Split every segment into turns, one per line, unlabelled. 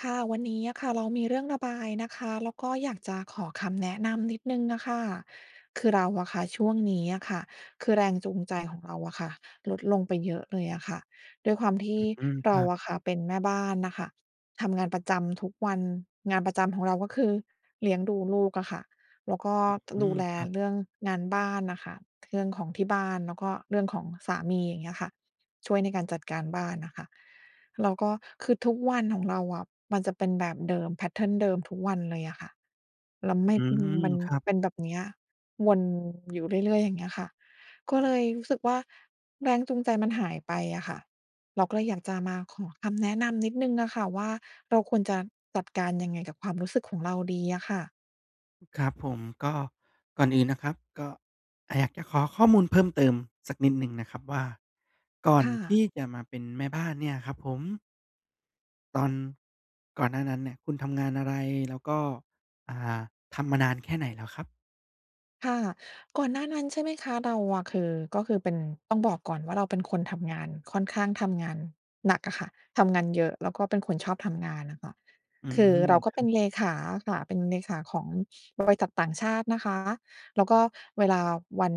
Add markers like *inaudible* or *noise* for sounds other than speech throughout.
ค่ะ วันนี้อะค่ะ เรามีเรื่องระบายนะคะ แล้วก็อยากจะขอคำแนะนำนิดหนึ่งอะค่ะ คือเราอะค่ะ ช่วงนี้อะค่ะ คือแรงจูงใจของเราอะค่ะ ลดลงไปเยอะเลยอะค่ะ ด้วยความที
อ
่
ื้อฮือ
เ
ค
ร
ร
า
ับ
อะค่ะ เป็นแม่บ้านน่ะค่ะ ทำงานประจำทุกวัน งานประจำของเราก็คือ เลี้ยงดูลูกอะค่ะ แล้วก็
อื้อ
ต
ฮ
ด
ื
ู
อ
แล
ครับ
เรื่องงานบ้านน่ะค่ะ เรื่องของที่บ้าน แล้วก็เรื่องของสามี อย่างเงี้ยค่ะ ช่วยในการจัดการบ้านน่ะค่ะ แล้วก็ คือทุกวันของเราอะ มันจะเป็นแบบเดิม แพตเทิร์น เดิมทุกวันเลยอะค่ะ แล้วไ
อ
ม
ื
่ อืม
ม
มัน
ครับ
เป็นแบบเนี้ย วนอยู่เรื่อย ๆ อย่างเงี้ยค่ะ ก็เลยรู้สึกว่า แรงจูงใจมันหายไปอะค่ะ เราก็เลยอยากจะมาขอคำแนะนำนิดหนึ่งน่ะค่ะว่า เราควรจะจัดการยังไงกับความรู้สึกของเราดีอะค่ะ?
ครับผม ก็ ก่อนอื่นนะครับ ก็ อา อยากจะขอข้อมูลเพิ่มเติมสักนิดหนึ่งนะครับว่า ก่อ
ค
น
่
ที
ะ
่จะมาเป็นแม่บ้านเนี่ยครับผม ตอนก่อนหน้านั้นเนี่ย คุณทำงานอะไร แล้วก็ อ่า ทำมานานแค่ไหนแล้วครับ?
ค่ะ ก่อนหน้านั้น ใช่ไหมคะ เราอะคือ ก็คือเป็น ต้องบอกก่อนว่า เราเป็นคนทำงาน ค่อนข้างทำงานหนักอะค่ะ ทำงานเยอะ แล้วก็เป็นคนชอบทำงานอะค่ะ
อื
คือ
ม
เราก
ค
็
รั
เป็น
บ
เลขาอะค่ะ เป็นเลขาของบริษัทต่างชาตินะคะ แล้วก็เวลาวัน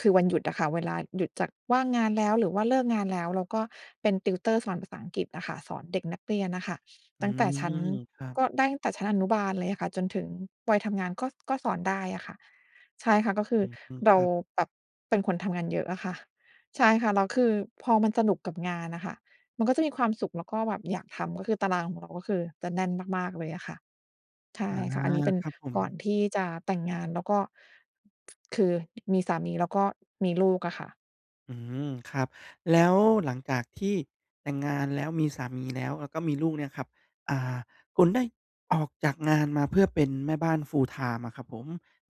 คือวันหยุดอะค่ะ เวลาหยุดจากว่างงานแล้ว หรือว่าเลิกงานแล้ว เราก็เป็น tutor สอนภาษาอังกฤษอะค่ะ สอนเด็กนักเรียนน่ะค่ะ
อื
ตั้งแต่ชั
ม
้น
ครับ
ก็ได้ตั้งแต่ชั้นอนุบาลเลยอะค่ะ จนถึงวัยทำงาน ก็ ก็สอนได้อะค่ะ ใช่ค่ะ ก็คื
อ
อ
ืม
เร
ค
า
รับ
แบบเป็นคนทำงานเยอะอะค่ะ ใช่ค่ะ แล้วคือพอมันสนุกกับงานอะค่ะ มันก็จะมีความสุขแล้วก็แบบอยากทำ ก็คือตารางของเราก็คือจะแน่นมาก ๆ เลยอะค่ะ ใช
อ
่
า!
ค่ะ อันนี้เป็น
ครับผ
ก่อน
ม
ที่จะแต่งงาน แล้วก็ *tsk* คือ มีสามีแล้วก็มีลูกอะค่ะ
อืม ครับ แล้วหลังจากที่แต่งงานแล้ว มีสามีแล้ว แล้วก็มีลูกเนี้ยครับ อ่า คุณได้ออกจากงานมาเพื่อเป็นแม่บ้าน full-time อะครับผม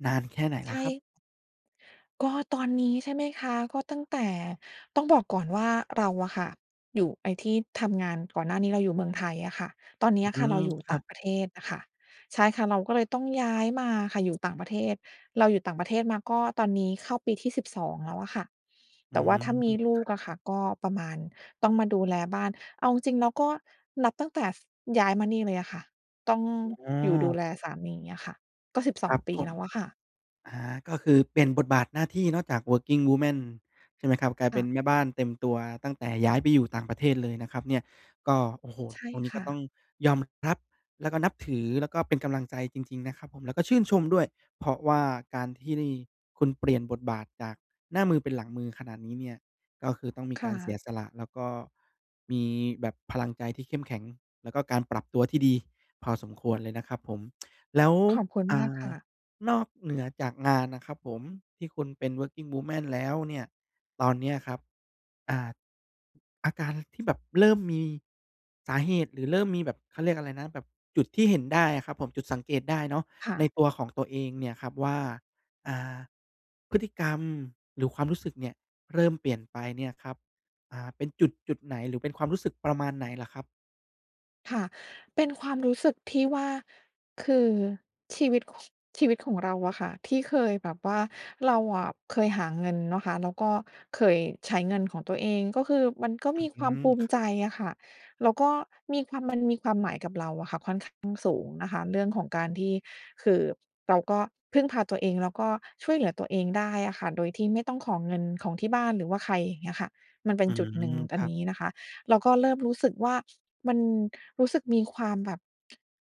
นานแค่ไหน
ใ
แ
ช
ล้วครับ?
่ ก็ตอนนี้ใช่ไหมคะ? ก็ตั้งแต่ ต้องบอกก่อนว่า เราอะค่ะอยู่ ไอ้ที่ทำงานก่อนหน้านี้เราอยู่เมืองไทยอะค่ะ ตอนเนี
อ
้ยอะ
ื
ค่ะ เร
ม
าอยู่
ค
ต
ร
่
ั
า
บ
งประเทศอะค่ะ ใช่ค่ะ เราก็เลยต้องย้ายมาอะค่ะ อยู่ต่างประเทศ เราอยู่ต่างประเทศมาก็ตอนนี้เข้าปีที่ 12 แล้วอะค่ะ แ
อ
ต
ื
่ว่า
ม
ถ้ามีลู
ค
ก
รั
อ
บ
ะค่ะ ก็ประมาณ ต้องมาดูแลบ้าน เอาจริง ๆ แล้ว ก็นับตั้งแต่ ส ย้ายมานี่เลยอะค่ะ ต้อง
อ๋
อยู่ดู
อ
แลสามีอะค่ะ ก็ สิบส
ค
อ
ร
ง
ับ
ปี
ผม
แล้วอะค่ะ
อา ก็คือเปลี่ยนบทบาทหน้าที่เนาะจาก Working Woman ใช่ไหมครับ? กลาย
ค
เป็
่ะ
นแม่บ้านเต็มตัว ตั้งแต่ย้ายไปอยู่ต่างประเทศเลยนะครับเนี่ย ก็ โอ้โฮ!
ใช่
ตรงนี้
ค
ก็
่
ต้
ะ
องยอมรับแล้วก็นับถือ แล้วก็เป็นกำลังใจจริง ๆ นะครับผม แล้วก็ชื่นชมด้วย เพราะว่าการที่คุณเปลี่ยนบทบาทจากหน้ามือเป็นหลังมือขนาดนี้เนี้ย ก็คือต้องมี
ค
ก
่
ารเสี
ะ
ยสละ แล้วก็มีแบบพลังใจที่เข้มแข็ง แล้วก็การปรับตัวที่ดีพอสมควรเลยนะครับผม แล้ว
ขอบคุณ
อ่
มากค
า
่ะ
นอกเหนือจากงานน๋ะครับผม ที่คุณเป็น Working Woman แล้วเนี่ย ตอนเนี้ยครับ อ่า อาการที่แบบเริ่มมี สาเหตุหรือเริ่มมีแบบ เขาเรียกอะไรนะ แบบจุดที่เห็นได้อะครับผม จุดสังเกตได้เนาะ
ค่
ใน
ะ
ตัวของตัวเองเนี่ยครับว่า อ่า พฤติกรรมหรือความรู้สึกเนี่ยเริ่มเปลี่ยนไปเนี่ยครับ อา เป็นจุดจุดไหน หรือเป็นความรู้สึกประมาณไหนเหรอครับ?
ค่ะ เป็นความรู้สึกที่ว่า คือชีวิต ค ชีวิตของเราอะค่ะ ที่เคยแบบว่า เราอะเคยหาเงินเนาะคะ แล้วก็เคยใช้เงินของตัวเอง ก็คือมันก็มีค
อื
วาม
ม
ภูม
ค
ิ
ร
ใจ
ับ
อะค่ะ แล้วก็มีความ มันมีความหมายกับเราอะค่ะ ค่อนข้างสูงนะคะเรื่องของการที่ คือเราก็พึ่งพาตัวเอง แล้วก็ช่วยเหลือตัวเองได้อะค่ะ โดยที่ไม่ต้องขอเงินของที่บ้าน หรือว่าใคร อย่างเงี้ยค่ะ มันเป็
อื
นจุดหนึ่ง
ม ค
อั
ร
น
ั
น
บ
ี้นะคะ เราก็เริ่มรู้สึกว่า มันรู้สึกมีความแบบ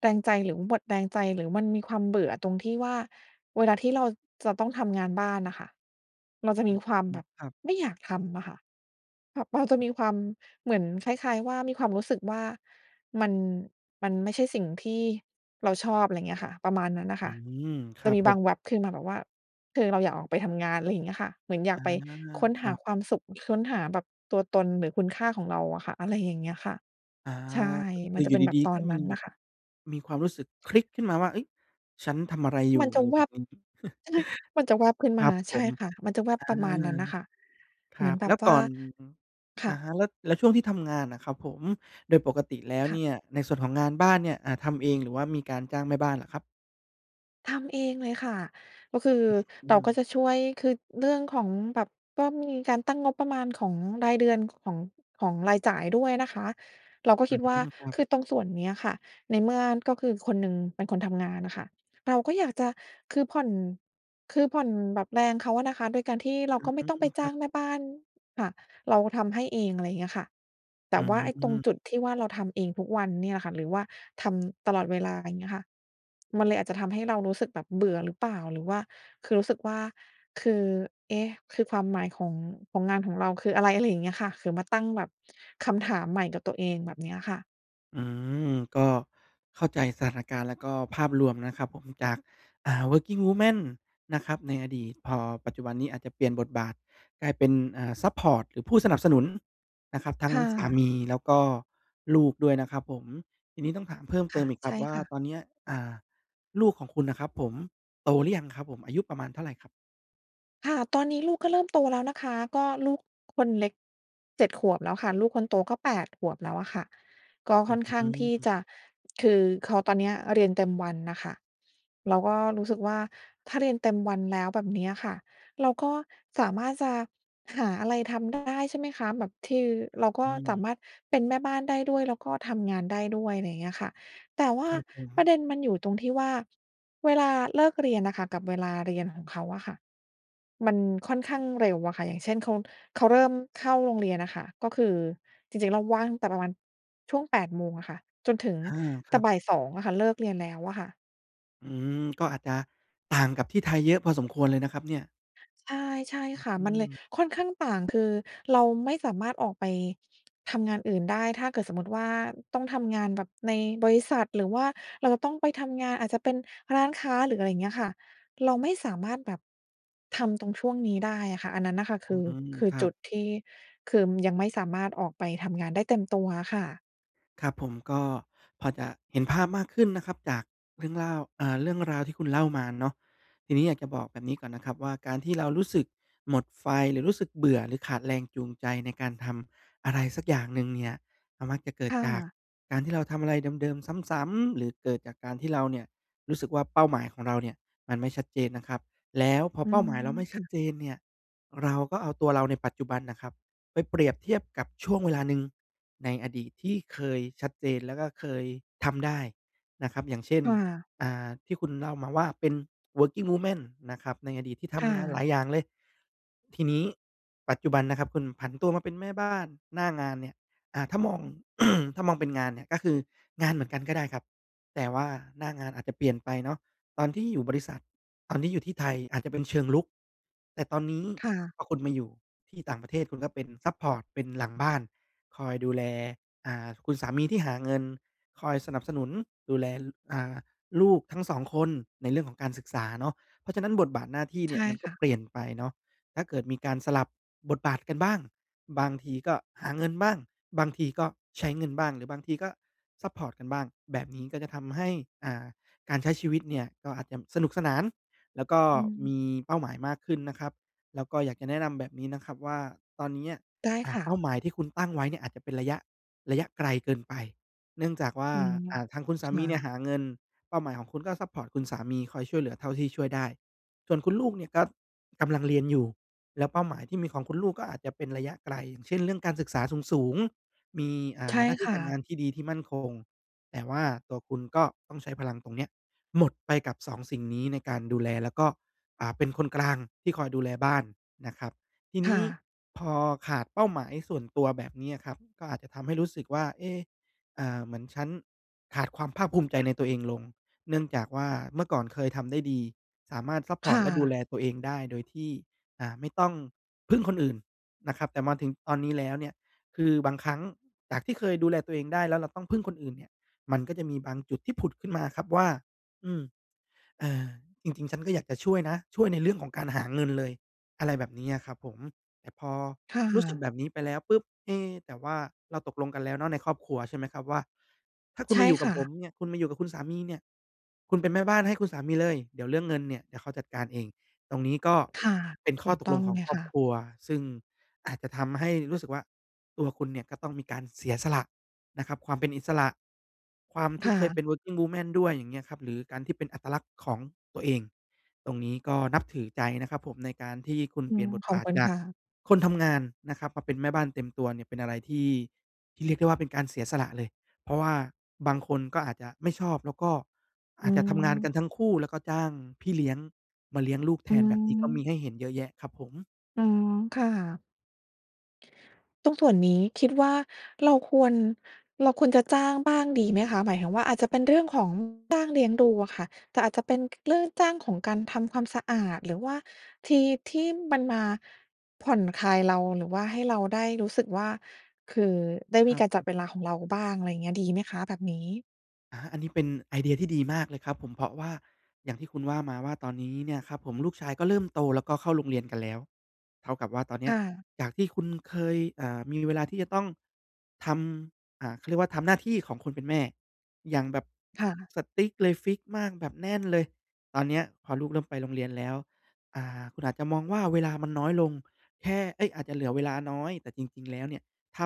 แรงใจ หรือหมดแรงใจ หรือมันมีความเบื่อตรงที่ว่า เวลาที่เราจะต้องทำงานบ้านน่ะค่ะ เราจะ
อ
ม
ื
ีความแบ
ม
บ
ครับ
ไม่อยากทำอะค่ะ แบบเราจะมีความ เหมือนคล้าย ๆ ว่า มีความรู้สึกว่า มัน มันไม่ใช่สิ่งที่เราชอบ ไรเงี้ยค่ะ ประมาณนั้นน่ะ
อ
ค
ื
่ะ
ม ค
จ
ร
ะ
ับ
มี
ผ
บา
ม
งแวบขึ้นมาแบบว่า คือเราอยากออกไปทำงาน ไรเงี้ยค่ะ เหมือนอย
อ
าก
า
ไปค้น
ค
ห
ร
า
ับ
ความสุข ค้นหาแบบตัวตน หรือคุณค่าของเราอะค่ะ อะไรอย่างเงี้ยค่ะ
อา
ใช่
ก็ค
ม
ื
ั
อ
นจ
อ
ะ
ยู
เ
่
ป็นแบ
ดี
บต
ๆ
อ
ก็
น
ม
น
ี
ั้น
แบ
น่
บ
ะค่ะ
มีความรู้สึกคลิกขึ้นมาว่า "เฮ้ย ฉันทำอะไรอยู่?"
มัน
อ
จะ
ะไร
แว
แบบ
บ
นี้ *chuckles*
ใช่ มันจะแวบขึ้น
ค
ม
ร
า
ับผ
ใช่
ม
ค่ะ มันจะแวบ
อา
ประมาณนั้นน่ะค่ะ
ค
เ
ร
ห
ั
มือน
บ
แบ
แล้
บ
วต
ว
อ
่า
น
ค
อ
่
ะ
ะ
ฮะ แล้ว แล้วช่วงที่ทำงานอะครับผม โดยปกติแล้ว
ค
เ
่
น
ะ
ี่ยในส่วนของงานบ้านเนี่ย อ่า ทำเอง หรือว่ามีการจ้างแม่บ้านเหรอครับ?
ทำเองเลยค่ะ ก็คือ
อือ อื
เราก็
ม
จะช่วย คือเรื่องของแบบ ก็มีการตั้งงบประมาณของรายเดือน ของ ของรายจ่ายด้วยนะคะ เราก็
อ
ค
ื้
ิ
อ
ด
ฮ
ว่า
ือ ครั
ค
บ
ือตรงส่วนเนี้ยค่ะ ในเมื่อก็คือคนหนึ่งเป็นคนทำงานอะค่ะ เราก็อยากจะ คือผ่อน คือผ่อนแบบแรงเขาอะนะคะ โดยการที่เรา
อื้
ก
อ
็ไม
ฮ
่ต้อง
ื
ไป
อ
จ
คร
้
ั
า
บ
งแม่บ้านค่ะ เราทำให้เอง อะไรอย่างเงี้ยค่ะ แต
อื
่
้อ
ว่า
ฮ
ไอ้ต
ื
รง
อ
จุดที่ว่า เราทำเองทุกวันเนี่ยล่ะค่ะ หรือว่าทำตลอดเวลา อย่างเงี้ยค่ะ มันเลยอาจจะทำให้เรารู้สึกแบบเบื่อหรือเปล่า หรือว่า คือรู้สึกว่า คือ เอ๊ะ! คือความหมาย ของ ของงานของเราคืออะไร อะไรอย่างเงี้ยค่ะ คือ มาตั้งแบบคำถามใหม่กับตัวเอง แบบเนี้ยค่ะ
อืม ก็เข้าใจสถานการณ์ แล้วก็ภาพรวมนะครับผม จาก อ่า Working Woman นะครับในอดีต พอปัจจุบันนี้อาจจะเปลี่ยนบทบาทกลายเป็น อ่า ซัปพอร์ต หรือผู้สนับสนุนนะครับ ทั้
ค
ง
่
สา
ะ
มี แล้วก็ลูกด้วยนะครับผม ทีนี้ต้องถามเพิ่ม
ค
เต
่
ิ
ะ
มอีกค
ใ
ร
ช
ับ
่
ว่า
ค่ะ
ตอนเนี้ย อ่า ลูกของคุณน่ะครับผม โตหรือยังครับผม อายุประมาณเท่าไรครับ?
ค่ะ ตอนนี้ลูกก็เริ่มโตแล้วนะคะ ก็ลูก *clicks tongue* คนเล็ก 7 ขวบแล้วค่ะ ลูกคนโตก็ 8 ขวบแล้วอะค่ะ ก็
อ
ค
ื้
่
อ
อน
ฮ
ข้า
ื
งที่
อ
จะ คือเขาตอนเนี้ยเรียนเต็มวันน่ะค่ะ เราก็รู้สึกว่า ถ้าเรียนเต็มวันแล้ว แบบเนี้ยค่ะ เราก็สามารถจะหาอะไรทำได้ ใช่ไหมคะ แบบ คือ เราก็
อื
ส
อ
ามารถเป็นแม่บ้านได้ด้วย แล้วก็ทำงานได้ด้วย อะไรอย่างเงี้ยค่ะ แต่ว่
ค
า
รับผ
ประ
ม
เด็นมันอยู่ตรงที่ว่าเวลาเลิกเรียนน่ะค่ะ กับเวลาเรียนของเขาอะค่ะ มันค่อน
ค
ข
ร
้
ั
า
บ
งเร็วอะค่ะ อย่างเช่น เขา เขาเริ่มเข้าโรงเรียนอะค่ะ ก็คือ จริง ๆ เราว่างตั้งแต่ประมาณช่วง 8 โมงอะค่ะ จนถึง
อา ค
แต
ร
่
ับ
บ่าย 2 อะค่ะ เลิกเรียนแล้วอะค่ะ
อืม ก็อาจจะต่างกับที่ไทยเยอะพอสมควรเลยนะครับเนี่ย
ใช่ ใช่
อื้
ค
อ
่ะ
ฮื
มันเลย
อ
ค่อนข้างต่าง คือเราไม่สามารถออกไป ทำงานอื่นได้ ถ้าเกิดสมมุติว่าต้องทำงานแบบในบริษัท หรือว่าเราต้องไปทำงาน อาจจะเป็นร้านค้า หรืออะไรอย่างเงี้ยค่ะ เราไม่สามารถแบบ ทำตรงช่วงนี้ได้อะค่ะ อันนั้นน่ะค่ะค
อื
ือ
ม
คือ
ครั
จ
บ
ุดที่ คือ ยังไม่สามารถออกไปทำงานได้เต็มตัวอะค่ะ
ครับผม ก็พอจะเห็นภาพมากขึ้นนะครับ จากเรื่องเล่า อ่า เรื่องราวที่คุณเล่ามาเนาะ ทีนี้อยากจะบอกแบบนี้ก่อนนะครับว่า การที่ เรารู้สึกหมดไฟ หรือรู้สึกเบื่อ หรือขาดแรงจูงใจในการทำอะไรสักอย่างหนึ่งเนี่ย ก็มักจะเกิด
ค่
จาก
ะ
การที่เราทำอะไรเดิม ๆ ซ้ำ ๆ หรือเกิดจากการที่เราเนี่ยรู้สึกว่า เป้าหมายของเราเนี่ยมันไม่ชัดเจนนะครับ แล้วพอ
อื
เป้า
ม
หมายเราไม่
ค
ชั
่
ด
ะ
เจนเนี่ย เราก็เอาตัวเราในปัจจุบันน่ะครับไปเปรียบเทียบกับช่วงเวลาหนึ่งในอดีตที่เคยชัดเจน แล้วก็เคยทำได้นะครับ อย่างเช่น
ค่ะ
อ่า ที่คุณเล่ามาว่าเป็น Working Woman นะครับ ในอดีตที่ท
ค่
ำงานหล
ะ
ายอย่างเลย ทีนี้ปัจจุบันนะครับคุณผันตัวมาเป็นแม่บ้าน หน้างานเนี่ย อ่า ถ้ามอง *clears throat* ถ้ามองเป็นงานเนี่ย ก็คืองานเหมือนกันก็ได้ครับ แต่ว่าหน้างานอาจจะเปลี่ยนไปเนาะ ตอนที่อยู่บริษัท ตอนที่อยู่ที่ไทยอาจจะเป็นเชิงรุก แต่ตอนนี้
ค่ะ
พอคุณมาอยู่ที่ต่างประเทศคุณก็เป็นซัปพอร์ต เป็นหลังบ้าน คอยดูแล อ่า คุณสามีที่หาเงิน คอยสนับสนุนดูแล ล อ่า ลูกทั้ง 2 คนในเรื่องของการศึกษาเนาะ เพราะฉะนั้นบทบาทหน้าที่เ
ใช
นี่
่
ย มันก
ค
็
่ะ
เปลี่ยนไปเนาะ ถ้าเกิดมีการสลับบทบาทกันบ้าง บางทีก็หาเงินบ้าง บางทีก็ใช้เงินบ้าง หรือบางทีก็ซัปพอร์ตกันบ้าง แบบนี้ก็จะทำให้ อ่า การใช้ชีวิตเนี่ยก็อาจจำ สนุกสนาน แล้วก็
อื
ม
ม
ีเป้าหมายมากขึ้นนะครับ แล้วก็อยากจะแนะนำแบบนี้นะครับว่า ตอนเนี้ย
ได้
อ่
ค
า
่
เ
ะ
ป้าหมายที่คุณตั้งไว้เนี่ยอาจจะเป็นระยะ ระยะไกลเกินไป เนื่องจากว่า
อืม
อ่า ทางคุณส
ค
าม
่
ีเนี่
ะ
ยหาเงิน เป้าหมายของคุณก็ซัปพอร์ตคุณสามี คอยช่วยเหลือเท่าที่ช่วยได้ ส่วนคุณลูกเนี่ยก็กำลังเรียนอยู่ แล้วเป้าหมายที่มีของคุณลูกก็อาจจะเป็นระยะไกล อย่างเช่น เรื่องการศึกษาสูง ๆ มี อ่
ใช
า
่
หน้าท
ค
ี่
่
การงา
ะ
นที่ดี ที่มั่นคง แต่ว่าตัวคุณก็ต้องใช้พลังตรงเนี้ย หมดไปกับ 2 สิ่งนี้ในการดูแล แล้วก็ อ่า เป็นคนกลางที่คอยดูแลบ้านนะครับ ที
ค
นี
่
้
ะ
พอขาดเป้าหมายส่วนตัวแบบนี้อะครับ ก็อาจจะทำให้รู้สึกว่า เอ๊ะ อ่า เหมือนฉันขาดความภาคภูมิใจในตัวเองลง เนื่องจากว่าเมื่อก่อนเคยทำได้ดี สามารถซัป
ค
พอร์
่
ตและดูแล
ะ
ตัวเองได้ โดยที่ อ่า ไม่ต้องพึ่งคนอื่นนะครับ แต่มาถึงตอนนี้แล้วเนี่ย คือบางครั้งจากที่เคยดูแลตัวเองได้ แล้วเราต้องพึ่งคนอื่นเนี่ย มันก็จะมีบางจุดที่ผุดขึ้นมาครับว่า อืม เออ จริง ๆ ฉันก็อยากจะช่วยนะ ช่วยในเรื่องของการหาเงินเลย อะไรแบบนี้อะครับผม แต่พอ
ค่
รู้สึก
ะ
แบบนี้ไปแล้วปุ๊บ เอ๊ แต่ว่าเราตกลงกันแล้วเนาะในครอบครัว ใช่ไหมครับ ว่า ถ้าค
ใ
ุณ
ช่
มาอยู่ก
ค
ับ
่
ผม
ะ
เนี่ย คุณมาอยู่กับคุณสามีเนี่ย คุณเป็นแม่บ้านให้คุณสามีเลย เดี๋ยวเรื่องเงินเนี่ยเดี๋ยวเขาจัดการเอง ตรงนี้ก็
ค่ะ
เป็น
ถ
ข้
ู
อ
ก
ต
ต
ก
้
ล
อ
ง
ง
ขอ
เ
ง
ลย
ครอ
ค
บ
่ะ
ครัว ซึ่งอาจจะทำให้รู้สึกว่า ตัวคุณเนี่ยก็ต้องมีการเสียสละนะครับ ความเป็นอิสระ ความท
ค
ี่
่
เคยเ
ะ
ป็น Working woman ด้วย อย่างเงี้ยครับ หรือการที่เป็นอัตลักษณ์ของตัวเอง ตรงนี้ก็นับถือใจนะครับผม ในการที่คุณ
อื
เปลี่ย
ม
นบท
ขอ
บ
บ
าท
คุณ
จา
ค
ก
่ะ
คนทำงานนะครับ มาเป็นแม่บ้านเต็มตัวเนี่ย เป็นอะไรที่ ที่เรียกได้ว่าเป็นการเสียสละเลย เพราะว่าบางคนก็อาจจะไม่ชอบ แล้วก็
อ
อ
ื
าจจะทำงานก
อ
ันทั้งคู่ แล้วก็จ้างพี่เลี้ยงมาเลี้ยงลูกแท
อื
น แบบนี้ก็มี
อ
ให้เห็นเยอะแยะครับผม
อือ ค่ะ ตรงส่วนนี้คิดว่า เราควร เราควรจะจ้างบ้างดีไหมคะ? หมายถึงว่า อาจจะเป็นเรื่องของจ้างเลี้ยงดูอะค่ะ แต่อาจจะเป็น ก เรื่องจ้างของการทำความสะอาด หรือว่าที่ ที่มันมาผ่อนคลายเรา หรือว่าให้เราได้รู้สึกว่า คือได้
ค
ม
ร
ี
ับ
การ
ผ
จัด
ม
เวลาของเราบ้าง อะไรอย่างเงี้ย ดีไหมคะแบบนี้?
อา อันนี้เป็นไอเดียที่ดีมากเลยครับผม เพราะว่าอย่างที่คุณว่ามาว่า ตอนนี้เนี่ยครับผมลูกชายก็เริ่มโต แล้วก็เข้าโรงเรียนกันแล้ว เท่ากับว่าตอนเน
ค
ี้ย
่ะ
จากที่คุณเคย อ่า มีเวลาที่จะต้องทำ อ่า เขาเรียกว่าทำหน้าที่ของคนเป็นแม่อย่างแบบ
ค่ะ
strict เลย ฟิกซ์มาก แบบแน่นเลย ตอนเนี้ยพอลูกเริ่มไปโรงเรียนแล้ว อา คุณอาจจะมองว่า เวลามันน้อยลง แค่ เอ๊ย อาจจะเหลือเวลาน้อย แต่จริง ๆ แล้วเนี่ย ถ้า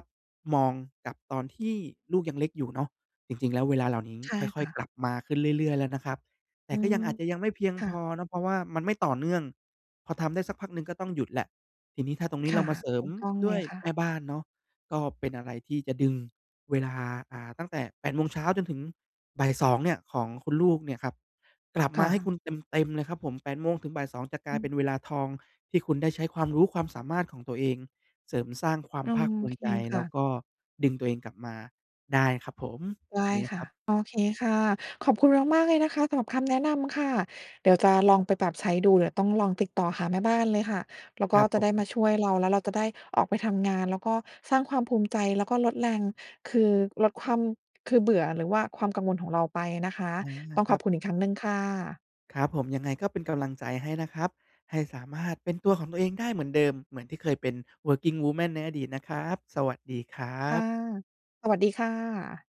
มองกับตอนที่ลูกยังเล็กอยู่เนาะ จริง ๆ แล้วเวลาเหล่านี้
ใช่
ค่
ค
อย
่ะ
ๆ กลับมาขึ้นเรื่อย ๆ แล้วนะครับ แต
อ
่
ื
ก็ยั
อ
งอาจจะยังไม่เพียง
ค่
พ
ะ
อเนาะ เพราะว่ามันไม่ต่อเนื่อง พอทำได้สักพักหนึ่งก็ต้องหยุดแล้ว ทีนี้ถ้าตรงนี
ค
้เร
่
า
ะ
มาเสริ
ถ
ม
ูกต้อง
ด
เล
้ว
ย
ย
ค่ะ
แม่บ้านเนาะ ก็เป็นอะไรที่จะดึงเวลา อ่า ตั้งแต่ 8 โมงเช้าจนถึงบ่าย 2 เนี่ย ของคุณลูกเนี่ยครับ กลับ
ค
ม
่
าให้ค
ะ
ุณเต็ม ๆ เลยครับผม 8:00-14:00 จะกลา
อ
ย
ื
เป็
อ
นเวลาทอง ที่คุณได้ใช้ความรู้ความสามารถของตัวเอง เสริมสร้างควา
โ
ม
อ
ภาคภูม
เค
ิใจ
ค
แล
่
้ว
ะ
ก็ดึงตัวเองกลับมาได้ครับผม แบ
ได
บ
้
นี้น
ค
ะค
่
ร
ะ
ับ
โอเคค่ะ ขอบคุณมาก ๆ เลยนะคะ สำหรับคำแนะนำค่ะ เดี๋ยวจะลองไปปรับใช้ดู เดี๋ยวต้องลองติดต่อหาแม่บ้านเลยค่ะ แล้ว
ค
ก็
รับ
จ
ผ
ะได้
ม
มาช่วยเรา แล้วเราจะได้ออกไปทำงาน แล้วก็สร้างความภูมิใจ แล้วก็ลดแรง คือลดความ คือเบื่อ หรือว่าความกังวลของเราไปนะคะ
อา
ต้อง
ค
ข
ร
อ
ับ
บคุ
ผ
ณอีกค
ม
รั้งหนึ่งค่ะ
ครับผม ยังไงก็เป็นกำลังใจให้นะครับ ให้สามารถเป็นตัวของตัวเองได้เหมือนเดิม เหมือนที่เคยเป็น working woman ในอดีตนะครับ สวัสดีครั
ค่ะ
บ
สวัสดีค่ะ